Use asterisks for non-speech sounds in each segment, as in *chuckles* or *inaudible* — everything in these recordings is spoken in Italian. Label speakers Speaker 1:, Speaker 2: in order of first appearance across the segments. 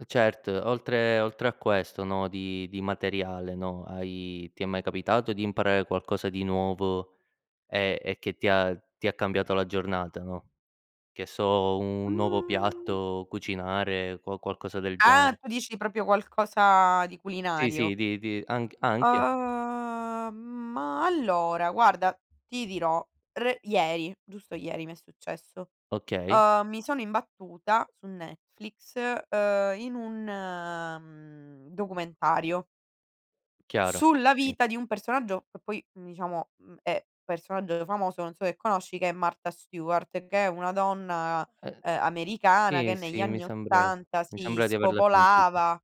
Speaker 1: Eh, certo, oltre oltre a questo, no, di di materiale, no, hai ti è mai capitato di imparare qualcosa di nuovo, e e che ti ha ti ha cambiato la giornata, no, che so, un nuovo piatto, cucinare, qua qualcosa del
Speaker 2: Ah,
Speaker 1: genere.
Speaker 2: tu dici proprio qualcosa di
Speaker 1: Sì,
Speaker 2: culinario.
Speaker 1: sì, di di anch anche.
Speaker 2: Uhm, ma allora, guarda, ti dirò re ieri, giusto ieri mi è successo.
Speaker 1: Okay.
Speaker 2: Uhm, mi sono imbattuta, su Netflix, ehm, in un, mhmm, documentario
Speaker 1: Chiaro,
Speaker 2: sulla
Speaker 1: sì.
Speaker 2: vita di un personaggio, che poi diciamo, mhmm, è personaggio famoso, non so se conosci, che è Marta Stuart, che è una donna,
Speaker 1: Ehm
Speaker 2: ehm, americana, che
Speaker 1: sì,
Speaker 2: negli
Speaker 1: sì, mi
Speaker 2: anni
Speaker 1: sembre
Speaker 2: '80
Speaker 1: mi
Speaker 2: si
Speaker 1: sembra di averla sentita.
Speaker 2: spopolava.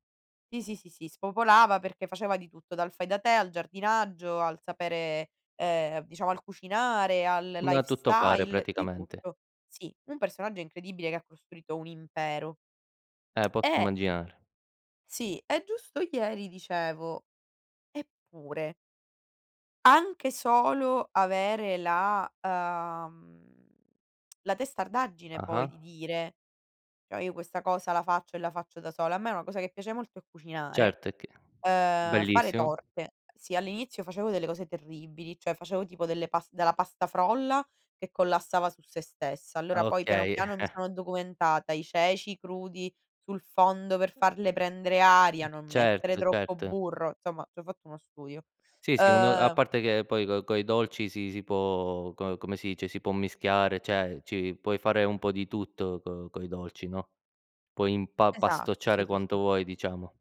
Speaker 2: Sì, sì, sì, sì, spopolava, perché faceva di tutto, dal fai da te, al giardinaggio, al sapere ehm, diciamo al cucinare, al
Speaker 1: Una tutto fare
Speaker 2: lifestyle, di
Speaker 1: praticamente.
Speaker 2: tutto. Sì, un personaggio incredibile che ha costruito un impero.
Speaker 1: Eh, posso
Speaker 2: Eh
Speaker 1: immaginare.
Speaker 2: Sì, e giusto ieri dicevo: "Eppure" anche solo avere la, ehm, *tsk* la testardaggine poi di
Speaker 1: Ah-ah.
Speaker 2: dire: "Cioè io questa cosa la faccio e la faccio da sola". A me una cosa che piace molto è cucinare,
Speaker 1: Certo, e che
Speaker 2: ehm, fare
Speaker 1: bellissimo.
Speaker 2: torte. Sì, all'inizio facevo delle cose terribili, cioè facevo tipo delle pas della pasta frolla, che collassava su sé stessa;
Speaker 1: Ah,
Speaker 2: allora, poi piano
Speaker 1: okay.
Speaker 2: piano mi
Speaker 1: *chuckles*
Speaker 2: sono documentata, i ceci crudi sul fondo per farle prendere aria, non mettere
Speaker 1: Certo,
Speaker 2: troppo
Speaker 1: certo.
Speaker 2: burro. Insomma, ci ho fatto uno studio.
Speaker 1: Sì sì, un a
Speaker 2: Ehm
Speaker 1: parte che poi, co coi dolci, si si può co come si dice, si può mischiare, cioè, ci puoi fare un po' di tutto co coi dolci, no, puoi impa
Speaker 2: Esatto, sì,
Speaker 1: pastocciare
Speaker 2: sì,
Speaker 1: quanto
Speaker 2: sì.
Speaker 1: vuoi, diciamo.